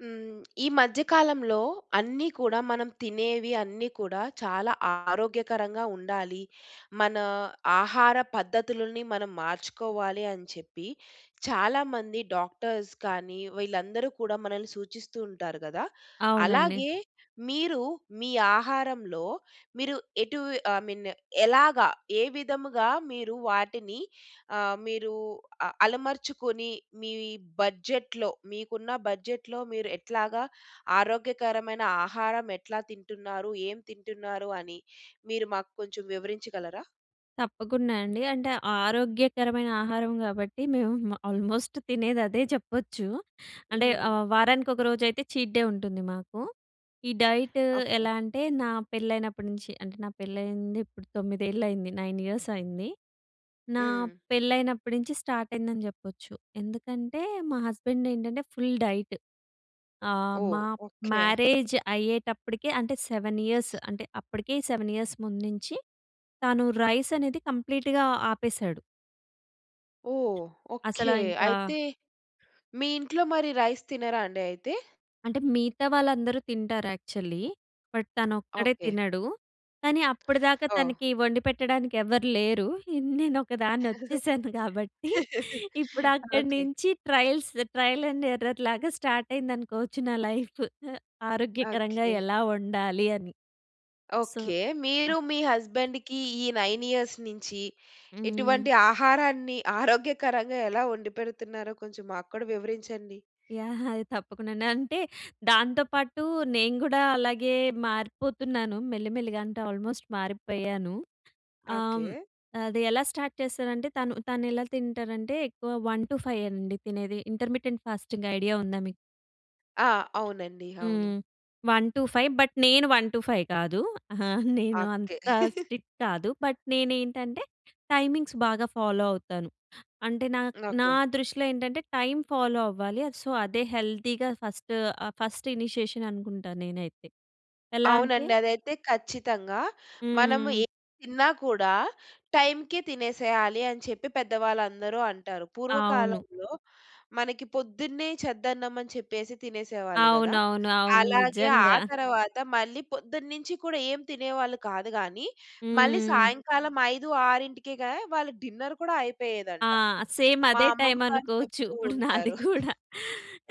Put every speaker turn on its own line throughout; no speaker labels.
హ్మ్, ఈ మధ్య కాలంలో అన్నీ కూడా మనం తినేవి అన్నీ కూడా చాలా ఆరోగ్యకరంగా ఉండాలి, మన ఆహార పద్ధతులని మనం మార్చుకోవాలి అని చెప్పి, చాలా మంది డాక్టర్స్ కానీ వీళ్ళందరూ కూడా మనల్ని సూచిస్తూ ఉంటారు కదా!
అవును అండి.
అలాగే మీరు మీ ఆహారంలో మీరు ఎటు ఐ మీన్ ఎలాగా ఏ విధముగా మీరు వాటిని, ఆహ్, మీరు అలమర్చుకొని మీ బడ్జెట్‌లో మీకున్న బడ్జెట్‌లో మీరు ఎట్లాగా ఆరోగ్యకరమైన ఆహారం ఎట్లా తింటున్నారు? ఏం తింటున్నారు? అని మీరు మాకు కొంచెం వివరించగలరా?
తప్పకుండా అండి. అంటే ఆరోగ్యకరమైన ఆహారం కాబట్టి మేము ఆల్మోస్ట్ తినేది అదే చెప్పొచ్చు అంటే
హ్మ్.
ఆహ్, వారానికి ఒకరోజైతే చీట్ డే ఉంటుంది మాకు. ఈ డైట్
ఓకే.
ఎలా అంటే నా పెళ్ళైనప్పటి నుంచి అంటే నా పెళ్లయింది ఇప్పుడు 9 అయింది 9 ఇయర్స్ అయింది. నా
హ్మ్.
పెళ్ళైనప్పటి నుంచి స్టార్ట్ అయిందని చెప్పొచ్చు. ఎందుకంటే మా హస్బెండ్ ఏంటంటే ఫుల్ డైట్. ఆహ్,
ఓహ్!
మా
ఓకే.
మ్యారేజ్ అయ్యేటప్పటికి అంటే 7 ఇయర్స్ అంటే అప్పటికే 7 ఇయర్స్ ముందు నుంచి తాను రైస్ అనేది కంప్లీట్‌గా ఆపేశాడు.
ఓహ్!
అసలా
ఓకె.
ఇంకా
అయితే, మీ ఇంట్లో మరి రైస్ తినరా అండి అయితే?
అంటే మిగతా వాళ్ళందరూ తింటారు యక్చువల్లీ. But తనొక్కడే
okay.
తినడు. కానీ అప్పటిదాకా
ఓహ్!
తనకి వండిపెట్టడానికి ఎవరు లేరు. ఇ నేను ఒకదాన్ని వచ్చేశాను కాబట్టి ఇప్పుడు
ఓకె.
అక్కడ్నించి ట్రయల్స్ ట్రయల్ అండ్ ఎర్రర్ లాగా స్టార్ట్ అయిందనుకోవచ్చు నా లైఫు. అ ఆరోగ్యకరంగా
ఓకె.
ఎలా వండాలి అని. So,
okay. మీరు, మీ హస్బెండ్‌కి ఈ 9 ఇయర్స్ నుంచి
హ్మ్.
ఇటువంటి ఆహారాన్ని ఆరోగ్యకరంగా ఎలా వండిపెడుతున్నారో కొంచెం మాక్కుడా వివరించండి.
యాహ్! అది తప్పకుండా అండి. అంటే దాంతో పాటు నేను గూడా అలాగే మారిపోతున్నాను మెల్లి మెల్లిగా, అంటే ఆల్మోస్ట్ మారిపోయాను. ఆహ్,
ఓకె.
అది ఎలా స్టార్ట్ చేస్తారంటే తను తను ఎలా తింటారంటే ఎక్కువ 1-5 అండి తినేది ఇంటర్మిటెంట్ ఫాస్టింగ్ ఐడియా ఉందా మీకు?
ఆ! అవునండి అవును.
హ్మ్. 1-5 బట్, నేను 1-5 కాదు. ఆ! నేను
ఓకె.
అంత స్ట్రిక్ట్ కాదు. బట్, నేనేంటంటే టైమింగ్స్ బాగా ఫాలో అవుతాను. అంటే నా నా
ఓకె.
దృష్టిలో ఏంటంటే టైం ఫాలో అవ్వాలి. సో, అదే హెల్తీగా ఫస్ట్ ఫస్ట్ ఇనీషియేషన్ అనుకుంటా నేనైతే. ఎలా అంటే
అవునండి. అదైతే ఖచ్చితంగా మనము
హ్మ్.
ఏం తిన్నా కూడా, టైంకే తినేసేయ్యలి అని చెప్పి పెద్దవాళ్ళందరూ అంటారు.
అవును.
పూర్వకాలంలో, మనకి పొద్దున్నే చద్దన్నం అని చెప్పేసి తినేసేవాళ్ళు కదా.
అవునవును, అవును
అలాగే ఆ
నిజంగా.
తర్వాత మళ్ళీ పొద్దున్నుంచి కూడా ఏం తినేవాళ్ళు కాదు గాని, మళ్ళీ
హ్మ్.
సాయంకాలం 5, 6 కేగా వాళ్ళకి డిన్నర్ కూడా
ఆ!
అయిపోయేదంట.
సేమ్
మా
అదే టైం
అమ్మమ్మగారు
అనుకోవచ్చు
చెప్తూ
ఇప్పుడు నాది
ఉంటారు.
కూడా.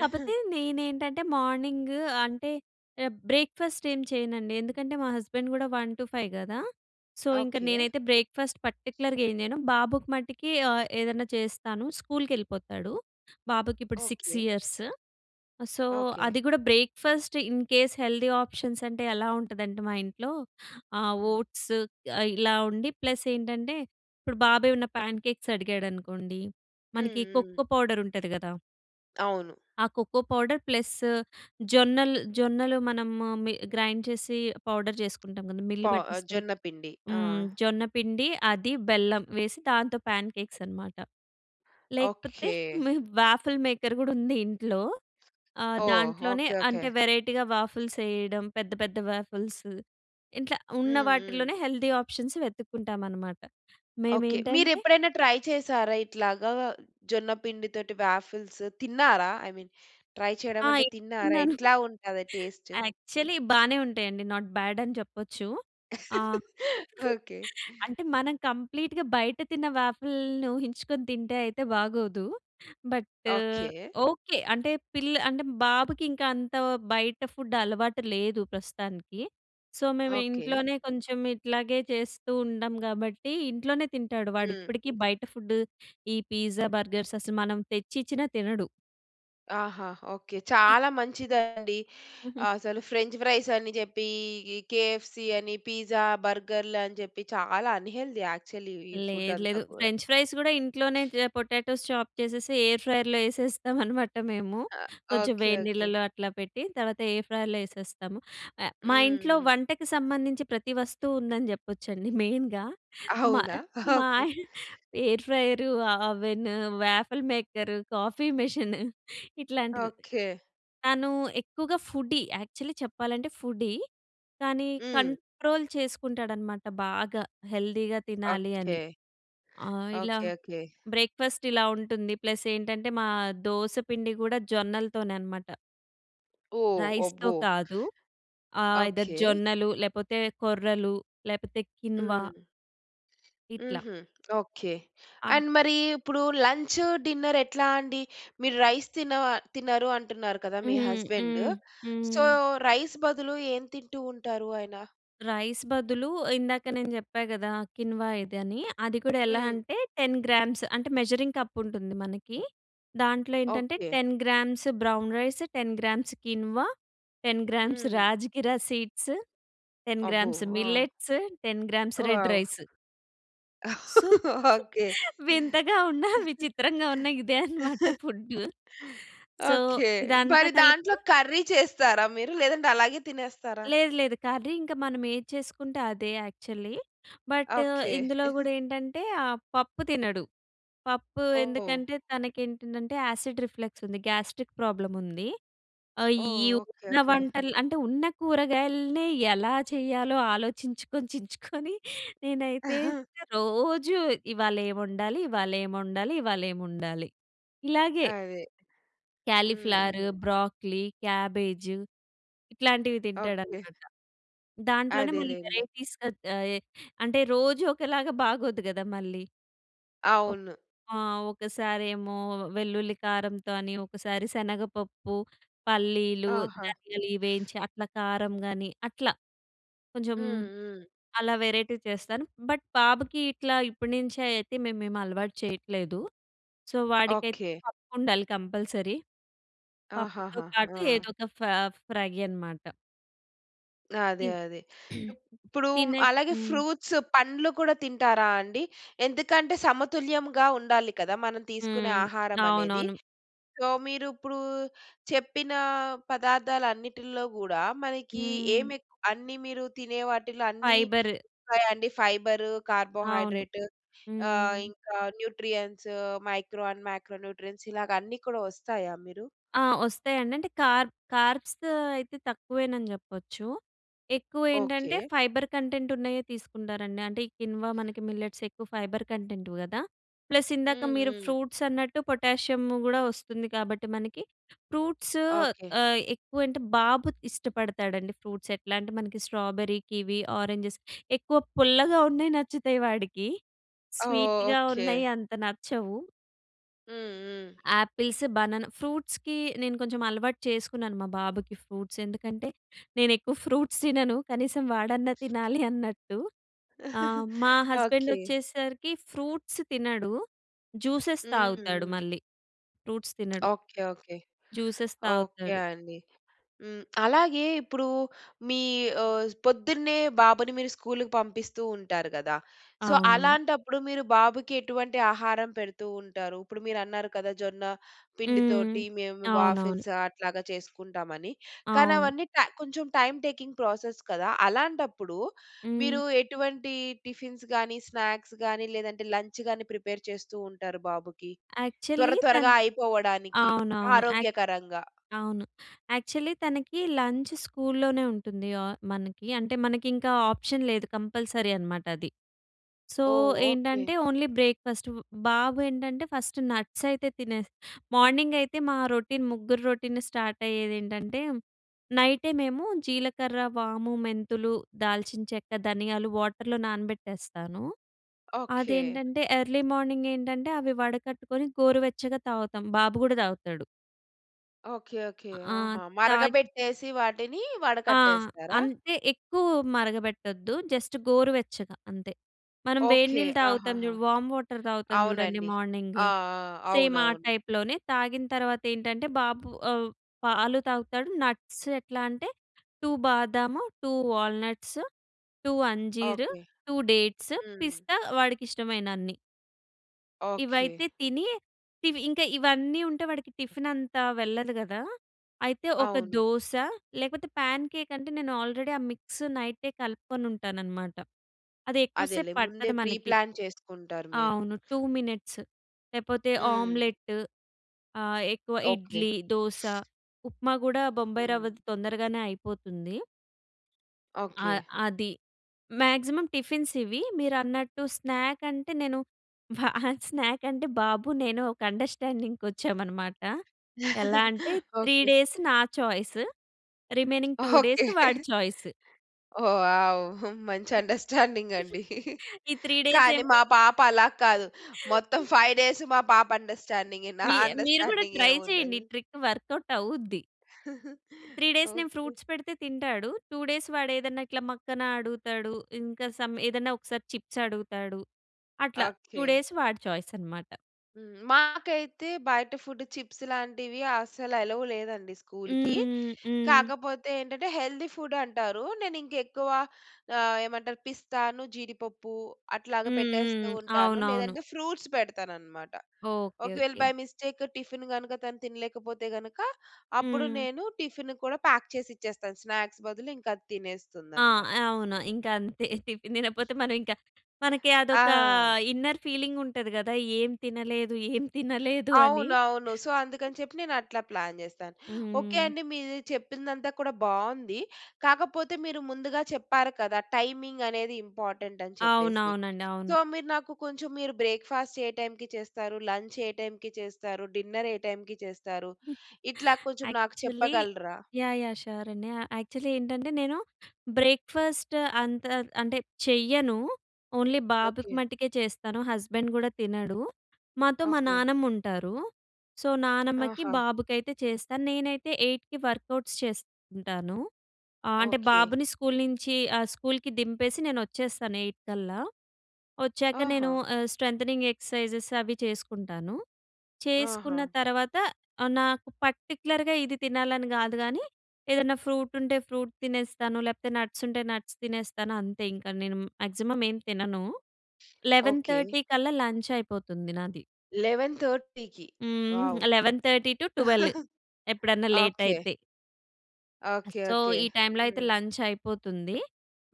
కాకపోతే నేనేంటంటే మార్నింగ్, అంటే బ్రేక్‌ఫాస్ట్ ఏం చేయనండి. ఎందుకంటే, మా హస్బెండ్ కూడా 1-5 కదా సో, ఇంక
ఓకె.
నేనైతే బ్రేక్‌ఫాస్ట్ పర్టిక్యులర్‌గా ఏం చేయను. బాబుకు మట్టుకి ఆహ్, ఏదన్నా చేస్తాను స్కూల్‌కెళ్ళిపోతాడు. బాబుకి ఇప్పుడు 6
ఓకె.
Years so,
okay.
అది గుడా breakfast in case healthy options అంటే ఎలా ఉంటదంటే మా ఇంట్లో, ఆహ్,
హ్మ్.
ఓట్స్ ఇలా ఉండి ప్లస్ ఏంటంటే, ఇప్పుడు బాబు ఏమన్న ప్యాన్ కేక్స్ అడిగాడనుకోండి
హ్మ్
మనకి
హ్మ్.
కొక్కో పౌడర్ ఉంటది కదా!
అవును.
ఆ కోకో పౌడర్ ప్లస్ జొన్నల్ జొన్నలు మనము మి గ్రైండ్ చేసి పౌడర్ చేసుకుంటాం గదా! మిల్లు
పా ఆహ్,
బట్టిస్తాం.
జొన్నపిండి. ఆ!
హ్మ్. జొన్నపిండి, అది, బెల్లం వేసి దాంతో పాన్ కేక్స్ అనమాట. లేకపోతే
ఓకే.
మీ వాఫల్ మేకర్ గూడా ఉంది ఇంట్లో. ఆహ్,
ఓహ్!
దాంట్లోనే
ఓకే, ఓకే.
అంటే వెరైటీగా వాఫిల్స్ ఏయడం పెద్ద పెద్ద వాఫిల్సు. ఇట్లా ఉన్న
హ్మ్, హ్మ్.
వాటిలోనే హెల్తీ ఆప్షన్స్ వెతుక్కుంటామనమాట.
ఓకే. మీరు
మేమేంటంటే
ఎప్పుడైనా ట్రై చేసారా? ఇట్లాగా జొన్నపిండి తోటి వాఫిల్స్ తిన్నారా? ఐ మీన్ ట్రై చేయడం అంటే
ఆయ్
తిన్నారా?
తిన్నాను.
ఎట్లా ఉంటది టేస్ట్?
యాక్చువలీ బానే ఉంటాయండి. నాట్ బాడ్ అని చెప్పొచ్చు. ఆహ్,
ఓకే.
అంటే మనం కంప్లీట్‌గా బయట తిన్న వాఫిల్‌ని ఊహించుకొని తింటే అయితే బాగోదు. But
okay.
ఓకే. అంటే పిల్ల అంటే బాబుకి ఇంకా అంత బయట ఫుడ్ అలవాటు లేదు ప్రస్తుతానికి. సో మేము
ఓకే.
ఇంట్లోనే కొంచెం ఇట్లాగే చేస్తూ ఉంటాం కాబట్టి, ఇంట్లోనే తింటాడు. వాడు
హ్మ్.
ఇప్పటికి బయట ఫుడ్ ఈ పిజ్జా, బర్గర్స్ అసలు మనం తెచ్చిచ్చినా తినడు.
ఆహా! ఓకె.
ఇ
చాలా మంచిదండి.
హుహు.
అసలు ఫ్రెంచ్ ఫ్రైస్ అని చెప్పి, ఈ కెఎఫ్‌సి అని పిజ్జా, బర్గర్‌లని చెప్పి చాలా అన్‌హేల్తీ యాక్చువల్లి ఈ ఫుడ్
లేదు, లేదు.
అంతా కూడా.
ఫ్రెంచ్ ఫ్రైస్ కూడా ఇంట్లోనే చె పొటాటోస్ చాప్ చేసేసి, ఎయిర్ ఫ్రైయర్‍లో యేసేస్తాం అనమాట మేము.
ఆ!
కొంచెం
ఓకె.
వేడి
ఓకె.
నీళ్లలో అట్లా పెట్టి. తర్వాత, ఎయిర్ ఫ్రైయర్‌లో యేసేస్తాము. అ మా
హ్మ్,
ఇంట్లో
హ్మ్.
వంటకు సంబంధించి ప్రతి వస్తువు ఉందని చెప్పొచ్చండి. మెయిన్‍గా మా
అవునా?
మా
ఓకె.
ఎయిర్ ఫ్రయరు ఆహ్, oven, waffle maker, coffee machine ఇట్లాంటివి.
ఓకె.
తను ఎక్కువగా ఫుడ్డీ. యాక్చువల్లి చెప్పాలంటే, ఫుడ్డీ. కానీ,
హ్మ్.
కంట్రోల్ చేసుకుంటాడన్నమాట. బాగా హెల్తీ‌గా తినాలి
ఓకె.
అని. ఆహ్, ఇలా
ఓకె, ఓకె.
బ్రేక్‌ఫాస్ట్ ఇలా ఉంటుంది. ప్లస్ ఏంటంటే, మా దోస పిండి కూడా జొన్నలతోనే అనమాట.
ఓహ్!
రైస్‌తో
అబ్బో!
కాదు. ఆహ్, ఐదర్
ఓకె.
జొన్నలు, లేకపోతే కొర్రలు, లేకపోతే కిన్వా.
హ్మ్.
ఇట్ల.
హుహు. ఓకె.
ఆ
అండ్ మరి ఇప్పుడు లంచు, డిన్నర్ ఎట్లా అండి? మీరు రైస్ తిన తినరు అంటున్నారు కదా మీ
హుహు.
హస్బండు.
హ్మ్.
సొ,
హ్మ్.
రైస్ బదులు ఏం తింటూ ఉంటారు ఆయన?
రైస్ బదులు ఇందాక నేను చెప్పా కదా. కిన్వా ఇది అని. అది కూడా ఎలా
హ్మ్.
అంటే, 10 గ్రామ్స్ అంటే, మెజరింగ్ కప్ ఉంటుంది మనకి. దాంట్లో ఏంటంటే,
okay.
10 grams brown rice, 10 grams quinoa, 10 grams
హ్మ్.
రాజిగిరా సీడ్స్, 10
అబ్బో!
గ్రామ్స్
ఆ!
Millets, 10 grams red
wow!
Rice. So,
okay.
వింతగా ఉన్న, విచిత్రంగా ఉన్న ఇదే అన్నమాట ఫుడ్డు. So,
okay.
ఇదంతా
మరి దాంట్లో
కలిపి
కర్రీ చేస్తారా మీరు? లేదంటే, అలాగే తినేస్తారా?
లేదు, లేదు. కర్రీ ఇంక మనం ఏది చేసుకుంటే, అదే యాక్చువల్లీ. But,
okay.
ఇందులో కూడా ఏంటంటే ఆహ్, పప్పు తినడు. పప్పు
ఓహ్!
ఎందుకంటే, తనకి ఏంటంటే యాసిడ్ రిఫ్లెక్స్ ఉంది. గ్యాస్ట్రిక్ ప్రాబ్లమ్ ఉంది. ఆహ్, ఈ
ఓహ్! ఓకె,
ఉన్న
ఓకె.
వంటలు అంటే ఉన్న కూరగాయలనే ఎలా చేయాలో ఆలోచించుకొని చించుకొని నేనైతే రోజు ఇవాళ ఏం వండాలి, ఇవాళ ఏం ఒండాలి, ఇవాళ ఏం ఒండాలి, ఇలాగే.
అదే.
కాలీఫ్లవర్, బ్రోకలి, క్యాబేజ్ ఇట్లాంటివి
ఓకె.
తింటాడన్నమాట. దాంట్లోనే మళ్ళీ
అదేలెండి.
వెరైటీస్ ఆహ్, అంటే రోజు ఒకలాగా బాగోదు కదా మళ్ళీ. ఒ
అవును.
ఆ! ఒకసారేమో వెల్లుల్లి కారంతోని, ఒకసారి శనగపప్పు, పల్లీలు,
ఆహా!
ధనియాలు ఇవి వేయించి అట్ల కారం గాని అట్లా. కొంచెం
హ్మ్, హ్మ్.
అలా వెరైటీ చేస్తాను. బట్, బాబుకి ఇట్లా ఇప్పటినుంచే అయితే మేము ఏమి అలవాటు చేయట్లేదు. సొ, వాడికై
ఓకె.
పప్పు ఉండాలి కంపల్సరీ. పప్పుతో
ఆహాహా!
పాటు
ఆ!
ఏదో ఒక ఫా ఫ్రై అనమాట. తి
అదే, అదే. ఇప్పుడు
తినే
అలాగే
హ్మ్.
ఫ్రూట్స్, పండ్లు కూడా తింటారా అండి? ఎందుకంటే సమతుల్యంగా ఉండాలి కదా మనం తీసుకునే
హ్మ్.
ఆహారం అనేది.
అవునవును.
సో మీరు ఇప్పుడు చెప్పిన పదార్థాలు అన్నిటిలో కూడా మనకి
హ్మ్.
ఏమి ఎక్ అన్ని మీరు తినే వాటిల్లో అన్ని
ఫైబర్.
వస్తాయా అండి. ఫైబరు,
అవును.
కార్బోహైడ్రేట్ ఆహ్,
హ్మ్.
ఇంకా nutrients, micro and macro nutrients ఇలాగ అన్ని కూడా వస్తాయా మీరు?
ఆ! వస్తాయండి అంటే కార్ కార్బ్స్ అయితే తక్కువేనని చెప్పొచ్చు. ఎక్కువేంటంటే
ఓకే.
ఫైబర్ కంటెంట్ ఉన్నయే తీసుకుంటారండి. అంటే ఈ కిన్వా మనకి మిల్లెట్స్ ఎక్కువ ఫైబర్ కంటెంట్‌వి కదా. ప్లస్ ఇందాక
హ్మ్,
మీరు
హ్మ్.
ఫ్రూట్స్ అన్నట్టు పొటాషియం కూడా వస్తుంది కాబట్టి మనకి. Fruits
okay.
ఆహ్, ఎక్కువ అంటే బాబు ఇష్టపడతాడండి. ఫ్రూట్స్ ఎట్లా అంటే మనకి స్ట్రాబెర్రీ, కివి, ఆరెంజెస్ ఎక్కువ పుల్లగా ఉన్నయి నచ్చుతాయి వాడికి.
ఓహ్!
స్వీట్‍గా
ఓకె.
ఉన్నయి అంత నచ్చవు.
హ్మ్, హ్మ్.
Apples, banana. ఫ్రూట్స్‌కి నేను కొంచెం అలవాటు చేసుకున్నాను మా బాబుకి ఫ్రూట్స్. ఎందుకంటే నేనెక్కువ ఫ్రూట్స్ తినను. కనీసం వాడన్నా తినాలి అన్నట్టు. ఆ! మా హస్బెండ్
ఓకె.
వచ్చేసరికి ఫ్రూట్స్ తినడు. జ్యూసెస్
హ్మ్,
తాగుతాడు
హ్మ్.
మళ్ళీ. ఫ్రూట్స్ తినడు.
Okay, okay.
జ్యూసెస్
ఓకె
తాగుతారు.
అండి. హ్మ్, అలాగే ఇప్పుడు మీ ఆహ్, పొద్దున్నే బాబుని మీరు స్కూల్‌కి పంపిస్తూ ఉంటారు కదా. సో
అవును.
అలాంటప్పుడు మీరు బాబుకి ఎటువంటి ఆహారం పెడుతూ ఉంటారు? ఇప్పుడు మీరన్నారు కదా జొన్న పిండి తోటి
హ్మ్.
మేము
అవునవును.
వాఫిల్స్ అట్లాగా చేసుకుంటామని.
అవును.
కానవన్నీ ట కొంచెం టైమ్ టేకింగ్ ప్రాసెస్ కదా! అలాంటప్పుడు మీరు
హ్మ్.
ఎటువంటి టిఫిన్స్‌ గాని, స్నాక్స్‌ గాని లేదంటే లంచ్‌ గాని ప్రిపేర్ చేస్తూ ఉంటారు బాబుకి? త్వర
యాక్చువల్లీ తన్
త్వరగా అయిపోవడానికి
అవునవును. యా
ఆరోగ్యకరంగా.
అవును. యాక్చువలి తనకి లంచ్ స్కూల్‌లోనే ఉంటుంది ఆహ్, మనకి. అంటే మనకింకా ఆప్షన్ లేదు కంపల్సరీ అనమాట అది. సో
ఓహ్! ఓకె.
ఏంటంటే ఓన్లీ బ్రేక్‌ఫాస్ట్. బాబు ఏంటంటే ఫస్ట్ నట్స్ అయితే తినేస్ మార్నింగ్ అయితే మా రొటీన్ ముగ్గురు రొటీన్ స్టార్ట్ అయ్యేదేంటంటే, నైటే మేము జీలకర్ర, వాము, మెంతులు, దాల్చిన చెక్క, ధనియాలు వాటర్‌లో నానబెట్టేస్తాను.
ఓకె.
అదేంటంటే ఎర్లీ మార్నింగ్ ఏంటంటే అవి వడకట్టుకొని గోరువెచ్చగా తాగుతాం. బాబు కూడా తాగుతాడు.
ఓకే. ఓకే.
ఆ!
ఆహా!
తాగి
మరగబెట్టేసి వాటిని
ఆహ్,
వడకట్టేస్తారా?
అంతే ఎక్కువ మరగబెట్టొద్దు. జస్ట్ గోరువెచ్చగా అంతే. మనం
ఓకే.
వేడినీళ్లు తాగుతాం
ఆహాహా!
చూడు వామ్ వాటర్ తాగుతాం చూడండి
అవునండి.
మార్నింగ్.
ఆ! ఆ!
సేమ్ ఆ
అవునవును.
టైప్‌లోనే తాగిన తర్వాత ఏంటంటే బాబు ఆహ్, పాలు తాగుతాడు నట్స్ ఎట్లా అంటే 2 బాదాము, 2 వాల్నట్స్, 2 అంజీర్,
ఓకే.
2 డేట్స్,
హ్మ్.
పిస్తా వాడికి ఇష్టమైన అన్ని.
ఓకే.
ఇవైతే తిని ఇవి ఇంక ఇవన్నీ ఉంటే వాడికి టిఫిన్ అంతా వెళ్ళదు కదా! అయితే ఒక
అవును.
దోస లేకపోతే పా‌న్‌కే‌క్ అంటే నేను ఆల్రెడీ ఆ మిక్స్ నైట్ కలుపుకొని ఉంటాను అన్నమాట. అది ఎక్కువ సేపు
అదేలే ముందే
పట్టదు మనకి.
ప్రిప్లాన్ చేసుకుంటారు మీరు.
అవును టూ మినిట్స్ లేకపోతే
హ్మ్.
ఆమ్లెట్ ఆహ్, ఎక్కువ
ఓకే.
ఇడ్లీ, దోస, ఉప్మా కూడా బొంబాయి రవ్వది
హ్మ్.
తొందరగానే అయిపోతుంది.
ఓకే.
ఆహ్, అది. మాక్సిమమ్ టిఫిన్స్ ఇవి మీరన్నట్టు స్నాక్ అంటే నేను స్నాక్ అంటే బాబు నేను ఒక అండర్‌స్టాండింగ్‌కి వచ్చామనమాట. ఎలా అంటే త్రీ
ఓకే.
డేస్ నా choice remaining two days
okay.
వాడి చాయిస్.
ఓహ్, వావ్! ఆహ్ మంచి అండర్‌స్టాండింగ్ అండి.
ఈ త్రిడేస్
కానీ
ఏమో
మా పాప అలా కాదు. మొత్తం ఫైవ్ డేస్ మా పాప అండర్‌స్టాండింగే నా
మీ మీరు కూడా
అండర్‌స్టాండింగ్
ట్రై
ఏమి
చేయండి.
ఉండదు.
ఈ ట్రిక్ వర్క్ఔట్ అవుద్ది. త్రీ డేస్ నేను
ఓకే.
ఫ్రూట్స్ పెడితే తింటాడు. టూ డేస్ వాడు ఏదైనా ఇట్లా మక్కన అడుగుతాడు. ఇంకా సమ్ ఏదన్నా ఒకసారి చిప్స్ అడుగుతాడు. అట్లా టూ
ఓకే.
డేస్ వాడి ఛాయస్ అన్నమాట.
హ్మ్. మాకైతే బయట ఫుడ్ చిప్స్ లాంటివి, అస్సలు అలౌ లేదండి, స్కూల్‌కి.
హ్మ్, హ్మ్.
కాకపోతే ఏంటంటే, హెల్తీ ఫుడ్ అంటారు. నేను ఇంక ఎక్కువ ఆహ్, ఏమంటారు పిస్తాను, జీడిపప్పు అట్లాగా
హ్మ్,
పెట్టేస్తూ
హ్మ్.
ఉంటాను.
అవునవును.
లేదంటే, ఫ్రూట్స్ పెడతానన్నమాట.
ఓకే,
ఒకవేళ,
ఓకే.
బై మిస్టేక్ టిఫిన్ గనుక, తను తినలేకపోతే గనుక, అప్పుడు
హ్మ్.
నేను టిఫిన్ కూడా ప్యాక్ చేసి ఇచ్చేస్తాను, స్నాక్స్ బదులు. ఇంకా అది
ఆ!
తినేస్తుందన్నమాట.
అవును. ఇంకా అంతే టిఫిన్ తినకపోతే మనం ఇంకా, మనకి అదొక
ఆ!
ఇన్నర్ ఫీలింగ్ ఉంటది కదా! ఏం తినలేదు, ఏం తినలేదు అని.
అవునవును. సో, అందుకని చెప్పి నేను అట్లా ప్లాన్ చేస్తాను. ఓకే
హ్మ్.
అండి, మీరు చెప్పిందంతా కూడా బావుంది. కాకపోతే మీరు ముందుగా చెప్పారు కదా! టైమింగ్ అనేది ఇంపార్టెంట్ అని చెప్పేసి.
అవునవును అండి. అవును.
సో, మీరు నాకు కొంచెం, మీరు బ్రేక్ఫాస్ట్ ఏ టైమ్‌కి చేస్తారు, లంచ్ ఏ టైమ్‌కి చేస్తారు, డిన్నర్ ఏ టైమ్‌కి చేస్తారు? ఇట్లా కొంచెం నాకు
యాక్చువల్లీ
చెప్పగలరా?
యాహ్! యాహ్! షూర్ అండి. ఆహ్, యాక్చువల్లీ ఏంటంటే, నేను బ్రేక్ఫాస్ట్ అంతా, అంటే చెయ్యను. ఓన్లీ బాబుకి
ఓకే.
మట్టుకే చేస్తాను, హస్బెండ్ కూడా తినడు. మాతో మా
ఓకే.
నానమ్మ ఉంటారు. సో, నానమ్మకి,
ఆహా!
బాబుకి అయితే చేస్తాను. నేనైతే 8కి వర్కౌట్స్ చేసుకుంటాను. ఆహ్, అంటే
ఓకే.
బాబుని స్కూల్ నుంచి ఆహ్, స్కూల్‍కి దింపేసి నేను వచ్చేస్తాను, 8 కల్లా. వచ్చాక నేను
ఆహా!
ఆహ్, స్ట్రెంథెనింగ్ ఎక్ససైజెస్ అవి చేసుకుంటాను. చేసుకున్న
ఆహా!
తర్వాత, ఆహ్, నాకు పర్టిక్యులర్‌గా ఇది తినాలని కాదు కానీ, ఏదన్నా ఫ్రూట్ ఉంటే ఫ్రూట్ తినేస్తాను, లేకపోతే నట్స్ ఉంటే నట్స్ తినేస్తాను అంతే ఇంకా. నేను మాక్సిమం ఏం తినను. Eleven
okay.
థర్టీ కల్లా లంచ్ అయిపోతుంది నాది.
11:30కి? వావ్!
హ్మ్. 11:30-12, ఎప్పుడన్నా లేట్
ఓకే.
అయితే.
ఓకే.
So,
okay.
ఈ టైమ్‌లో అయితే
హ్మ్.
లంచ్ అయిపోతుంది.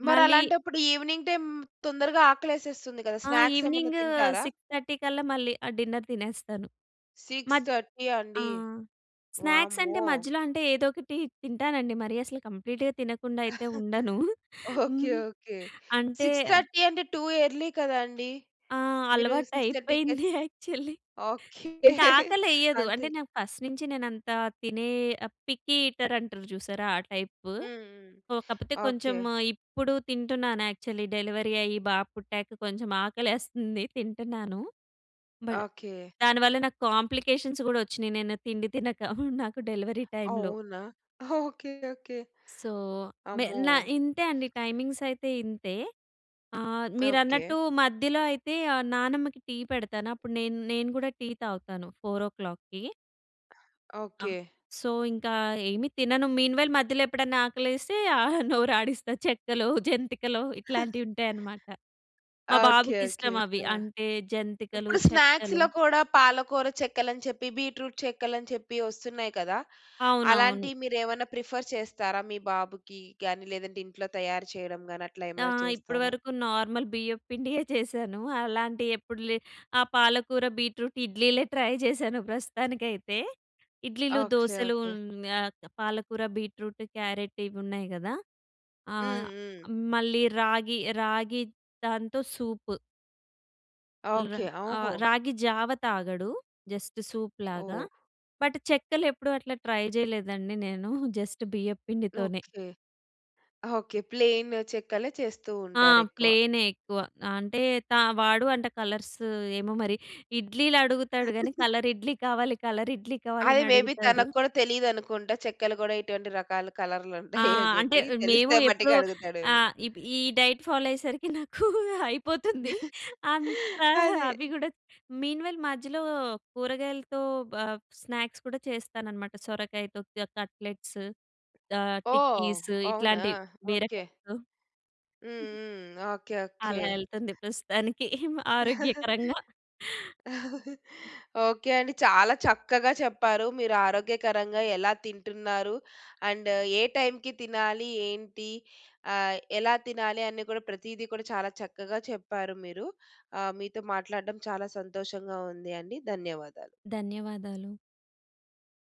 మరి
మళ్ళీ
అలాంటప్పుడు ఈవెనింగ్ టైమ్ తొందరగా ఆకలేసేస్తుంది కదా
ఆహ్,
స్నాక్స్ ఏమన్నా
ఈవినింగు
తింటారా?
6:30 కల్లా మళ్ళీ ఆహ్, డిన్నర్ తినేస్తాను.
సిక్స్
మద్
థర్టీ
ఆ!
అండి.
స్నాక్స్ అంటే
వామ్మో!
మజ్యలో అంటే ఏదో ఒకటి తింటానండి. మరి అసలు కంప్లీట్‌గా తినకుండా అయితే ఉండను.
ఓకే. ఓకే.
అంటే
6:30 అంటే, టూ ఎర్లీ కదా అండి.
ఆ!
మీరు
అలవాటు
సిక్స్ థర్టీకే,
అయిపోయింది యాక్చువల్లి.
ఓకే.
ఇంకా ఆకలెయ్యదు. అంటే
అంతే
నాకు ఫస్ట్ నుంచి నేను అంత తినే పికీ ఈటర్ అంటారు చూసారా ఆ టైపు.
హ్మ్,
కాకపోతే, కొంచెం
ఓకే.
ఇప్పుడు తింటున్నాను యాక్చువల్లి. డెలివరీ అయ్యి బాబు పుట్టాక కొంచెం ఆకలేస్తుంది తింటున్నాను. But
okay.
దానివల్ల నాకు కాంప్లికేషన్స్ గూడా వచ్చినయి నేను తిండి తినక నాకు డెలివరీ టైమ్‌లో.
అవునా! ఓకే. ఓకే.
సో, మె నా
అమ్మో!
ఇంతే అండి, టైమింగ్స్ అయితే ఇంతే. ఆహ్,
ఓకే.
మీరన్నట్టు మధ్యలో అయితే ఆ నానమ్మకి టీ పెడతాను. అప్పుడు నేన్ నేను కూడా టీ తాగుతాను 4:00 ఆ!
ఓకే.
సో, ఇంకా ఏమి తినను. మీన్ వైల్ మధ్యలో ఎప్పుడైనా ఆకలేస్తే ఆ నోరు ఆడిస్తా. చెక్కలో, జంతికలో ఇట్లాంటివి ఉంటాయనమాట. మా
ఓకే.
బాబుకి
ఓకే.
ఇష్టం అవి
ఆ!
అంటే జంతికలు,
ఇప్పుడు
చెక్కలు
స్నాక్స్‌లో కూడా పాలకూర చెక్కలు అని చెప్పి బీట్రూట్ చెక్కలు అని చెప్పి వస్తున్నాయి కదా!
అవునవును.
అలాంటివి మీరు ఏమైనా ప్రిఫర్ చేస్తారా మీ బాబుకి గాని, లేదంటే ఇంట్లో తయారు చేయడం గాని అట్లా ఏమన్నా
ఆహ్, ఇప్పటి
చేస్తారా?
వరకు నార్మల్ బియ్యం పిండియే చేశాను. అలాంటి ఎప్పుడు లే, ఆ పాలకూర బీట్రూట్ ఇడ్లీలే ట్రై చేశాను ప్రస్తుతానికైతే. ఇడ్లీలు,
ఓకే,
దోసలు
ఓకే.
ఆహ్, పాలకూర, బీట్రూటు, క్యారెట్ ఇవి ఉన్నాయి గదా!
హ్మ్,
ఆహ్,
హ్మ్.
మళ్ళీ రాగి రాగి దాంతో సూపు.
ఓకే.
ఆ!
ఓహో!
రాగి జావ తాగడు. Just సూప్‌లాగా
oh!
బట్ చెక్కలెప్పుడు అట్లా ట్రై చేయలేదండి నేను. జస్ట్ బియ్యం పిండితోనే.
ఓకే. ఓకే. ప్లెయిన్ చెక్కలే చేస్తూ
ఆ!
ఉంటారు ఎక్కువ.
ప్లెయినే ఎక్కువ అంటే త వాడు అంత కలర్స్ ఏమో మరి ఇడ్లీలడుగుతాడు గానీ, కలర్ ఇడ్లీ కావాలి కలర్ ఇడ్లీ
అదే మే బి
కావాలనడుగుతాడు.
తనకు కూడా తెలియదనుకుంట. చెక్కలు కూడా ఇటువంటి రకాలు కలర్‌లుంటాయని
ఆ! అంటే
చెప్పి.
మేము
తెలిస్తే
ఎప్పుడూ
మట్టుకు అడుగుతాడేమో.
ఆహ్, ఈ డైట్ ఫాలో అయ్యేసరికి నాకు అయిపోతుందీ. అంత
అదే.
అవి కూడా మీన్ వైల్ మధ్యలో కూరగాయలతో ప స్నాక్స్ కూడా చేస్తాననమాట. సొరకాయతో కట్లెట్స్ ఆహ్,
ఓహ్!
టిక్కీస్
అవునా!
ఇట్లాంటి
ఓకే.
బీరకాయతో.
హ్మ్, హ్మ్. ఓకే. ఓకే.
అలా వెళ్తుంది ప్రస్తుతానికి ఆరోగ్యకరంగా.
ఓకే అండి. చాలా చక్కగా చెప్పారు. మీరు ఆరోగ్యకరంగా ఎలా తింటున్నారు? అండ్ ఏ టైమ్‌కి తినాలి? ఏంటి? ఆహ్, ఎలా తినాలి? అని కూడా ప్రతీది కూడా చాలా చక్కగా చెప్పారు మీరు. ఆహ్, మీతో మాట్లాడడం చాలా సంతోషంగా ఉందండి. ధన్యవాదాలు.
ధన్యవాదాలు.